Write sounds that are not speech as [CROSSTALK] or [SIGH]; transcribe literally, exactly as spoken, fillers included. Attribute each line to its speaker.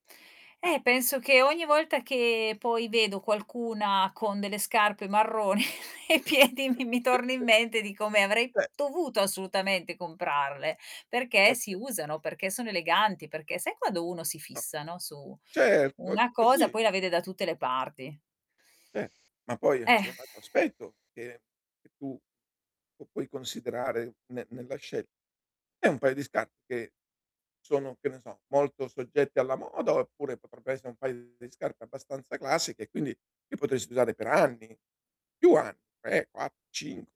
Speaker 1: Eh.
Speaker 2: Eh, penso che ogni volta che poi vedo qualcuna con delle scarpe marrone ai piedi mi mi torni in mente di come avrei
Speaker 1: ceh
Speaker 2: dovuto assolutamente comprarle, perché si
Speaker 1: Okay.
Speaker 2: usano, perché sono eleganti, perché sai quando uno si
Speaker 1: No.
Speaker 2: fissa, no, su
Speaker 1: Certo è
Speaker 2: una cosa
Speaker 1: così.
Speaker 2: poi la vede da tutte le parti.
Speaker 1: Eh, ma poi eh,
Speaker 2: Eh.
Speaker 1: ci vuole un altro
Speaker 2: [SIGHS]
Speaker 1: aspetto che tu puoi considerare ne nella scelta. È un paio di scarpe. che sono, che ne so molto soggette alla moda, oppure potrebbe essere un paio di scarpe abbastanza classiche e quindi li potresti usare per anni, più anni, tre, quattro, cinque.